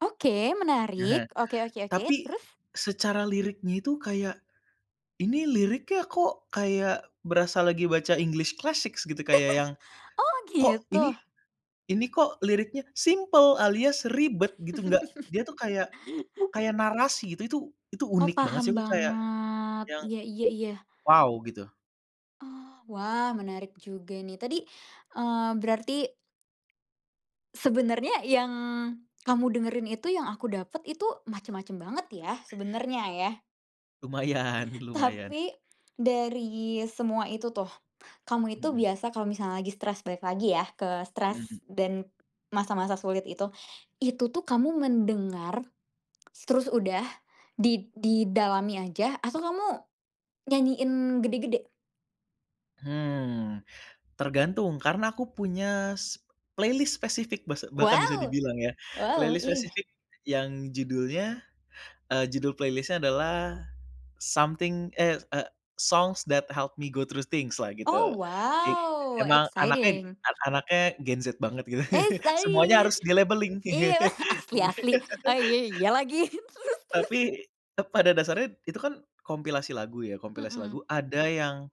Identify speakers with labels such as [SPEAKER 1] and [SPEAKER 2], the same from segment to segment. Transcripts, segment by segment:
[SPEAKER 1] Oke, menarik. Oke oke oke,
[SPEAKER 2] Tapi,
[SPEAKER 1] terus?
[SPEAKER 2] secara liriknya itu kayak ini liriknya kok kayak berasa lagi baca english classic gitu kayak yang,
[SPEAKER 1] Oh,
[SPEAKER 2] kok ini,
[SPEAKER 1] gitu.
[SPEAKER 2] ini kok liriknya simple alias ribet gitu nggak, dia tuh kayak kayak narasi gitu. Itu itu itu
[SPEAKER 1] Oh,
[SPEAKER 2] unik banget sih.
[SPEAKER 1] paham
[SPEAKER 2] Aku kayak,
[SPEAKER 1] banget.
[SPEAKER 2] yang,
[SPEAKER 1] Iya iya iya.
[SPEAKER 2] wow gitu.
[SPEAKER 1] Oh, wah menarik juga ini. Tadi, eee, berarti sebenarnya yang, kamu dengerin itu yang aku dapet itu macem-macem banget ya, sebenarnya ya.
[SPEAKER 2] Lumayan lumayan.
[SPEAKER 1] Tapi, dari semua itu tuh, kamu itu
[SPEAKER 2] Mhm.
[SPEAKER 1] biasa kalau misalnya lagi stres balik lagi ya ke stres,
[SPEAKER 2] Mhm.
[SPEAKER 1] dan masa-masa sulit itu itu tuh kamu mendengar, terus udah di didalami aja atau kamu, nyanyiin gede-gede?
[SPEAKER 2] Hmm. Tergantung, karena aku punya s playlist spesifik basa bahkan bisa
[SPEAKER 1] Wow,
[SPEAKER 2] dibilang ya.
[SPEAKER 1] wow,
[SPEAKER 2] Playlist
[SPEAKER 1] iya.
[SPEAKER 2] spesifik yang judulnya, eee, judul playlist-nya adalah Something eh, eee, Songs that help me go through things-lah,
[SPEAKER 1] Oh,
[SPEAKER 2] gitu. Jik
[SPEAKER 1] wow,
[SPEAKER 2] emang anaknya
[SPEAKER 1] exciting.
[SPEAKER 2] an anaknya gen Z banget, gitu. Semuanya harus
[SPEAKER 1] [unintelligible]
[SPEAKER 2] di-labeling.
[SPEAKER 1] Iyalah, asli asli, oh iya iya lagi. Terus terus?
[SPEAKER 2] Tapi, eee, pada dasarnya itu kan kompilasi lagu ya, kompilasi
[SPEAKER 1] Hmm.
[SPEAKER 2] lagu ada yang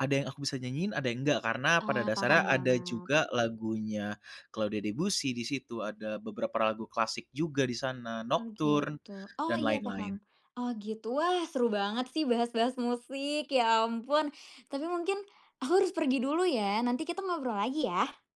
[SPEAKER 2] ada yang aku bisa nyanyiin ada yang enggak karena pada
[SPEAKER 1] Ah,
[SPEAKER 2] dasarnya
[SPEAKER 1] paham
[SPEAKER 2] ada
[SPEAKER 1] banget.
[SPEAKER 2] juga lagunya Claude Debussy di situ ada beberapa lagu klasik juga di sana,
[SPEAKER 1] Oh,
[SPEAKER 2] Nocturne,
[SPEAKER 1] gitu. Oh,
[SPEAKER 2] dan
[SPEAKER 1] iya
[SPEAKER 2] lain-lain.
[SPEAKER 1] paham. Oh, gitu. Wah, seru banget sih bahas-bahas musik, ya ampun. Tapi mungkin, aku harus pergi dulu ya, nanti kita ngobrol lagi ya.